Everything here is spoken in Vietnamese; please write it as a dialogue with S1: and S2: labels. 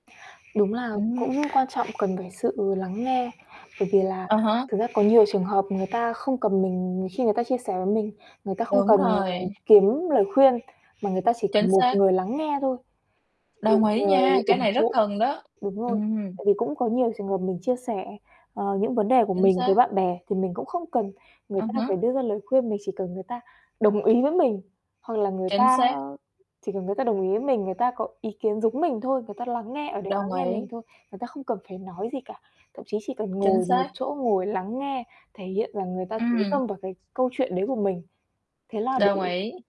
S1: Đúng là
S2: Ừm
S1: cũng
S2: hứm.
S1: quan trọng cần phải sự lắng nghe, bởi vì là
S2: À há.
S1: thực ra có nhiều trường hợp người ta không cần mình khi người ta chia sẻ với mình, người ta không
S2: Đúng
S1: cần
S2: rồi.
S1: kiếm lời khuyên mà người ta chỉ
S2: Chính
S1: cần một
S2: xác.
S1: người lắng nghe thôi, một
S2: Đồng ý
S1: người
S2: nha, cái
S1: ủng
S2: này rất
S1: hộ.
S2: cần đó.
S1: Đúng rồi.
S2: Ừm.
S1: Tại vì cũng có nhiều trường hợp mình chia sẻ, ờ, những vấn đề của
S2: Chính
S1: mình với
S2: xác.
S1: bạn bè thì mình cũng không cần người
S2: À
S1: ta phải
S2: há.
S1: đưa ra lời khuyên, mình chỉ cần người ta đồng ý với mình, hoặc là người
S2: Chính
S1: ta
S2: xác.
S1: chỉ cần người ta đồng ý với mình, người ta có ý kiến giống mình thôi, người ta lắng nghe, ở đấy lắng
S2: Đồng
S1: nghe mình
S2: ý.
S1: thôi, người ta không cần phải nói gì cả. Thậm chí chỉ cần
S2: Chính
S1: ngồi một
S2: xác.
S1: chỗ, ngồi lắng nghe, thể hiện là người ta chú
S2: Ừm.
S1: tâm vào cái câu chuyện đấy của mình, thế là
S2: Đồng
S1: đủ
S2: ý.